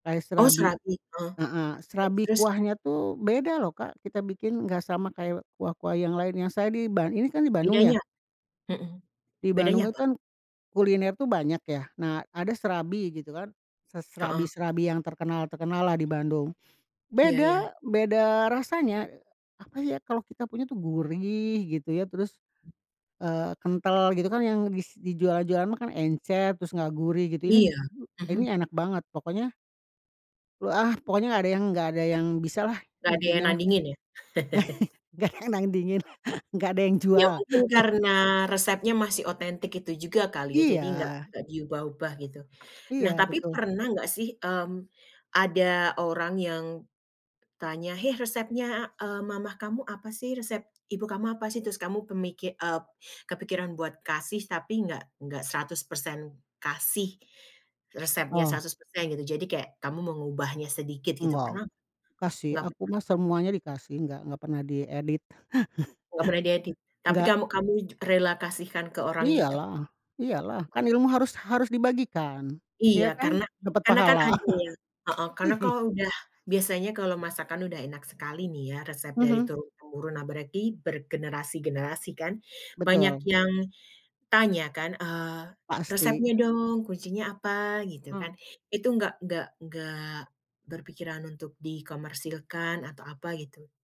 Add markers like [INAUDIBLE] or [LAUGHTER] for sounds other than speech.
Kayak Oh serabi serabi, heeh, heeh, terus serabi terus? kuahnya tuh beda loh, Kak, kita bikin, nggak sama kayak kuah-kuah yang lainnya. Saya di ba ini kan di Bandung ya. Bedanya mhm, Di Bandung bedanya itu apa? kan, kuliner tuh banyak ya. Nah, ada serabi gitu kan. Se Heeh. serabi-serabi yang terkenal-terkenal lah di Bandung. Iya iya. Beda beda, eee, rasanya, apa ya kalau kita punya tuh gurih gitu ya terus, eee, kental, gitu kan yang bis dijual-jualan mah kan encer, terus nggak gurih gitu. Ini Iya, ini mhm. enak banget! Pokoknya ah, pokoknya nggak ada yang nggak ada yang bisa lah Nggak ada yang intinya mah. [CHUCKLES] nandingin ya? [LAUGHS] Nggak ada yang nandingin. Nggak ada yang Ya jual. mungkin [CHUCKLES] karena resepnya masih otentik itu juga kali ya. Jadi nggak Iya. nggak diubah-ubah gitu. Iya, Nah, tapi betul. pernah nggak sih, mmm, ada orang yang tanya, "hei resepnya, eee, mama kamu apa sih? Resep ibu kamu apa sih?" Terus kamu kemiki eee, kepikiran buat kasih tapi nggak nggak 100% kasih, resepnya Oh. 100% gitu. Jadi kayak kamu mengubahnya sedikit gitu Nggak. pernah nggak? Kasih, Nggak aku pernah? mah semuanya dikasih, nggak nggak pernah diedit. [LAUGHS] Nggak pernah diedit? Tapi Enggak. kamu kamu ju rela kasihkan ke orang gitu? Iyalah iyalah, kan Oh. ilmu harus harus dibagikan. Iya Ya kan? karena Dapet karena kan pahala. ada ya heeh, karena [LAUGHS] kalau udah biasanya kalau masakan udah enak sekali nih ya, resep dari Mhm. turun temurun. Nah berarti bergenerasi-generasi kan banyak Betul. yang tanya kan, eee, Pasti. "resepnya dong, kuncinya apa?" gitu kan. Hmm. Itu nggak nggak nggak berpikiran untuk di komersilkan atau apa gitu?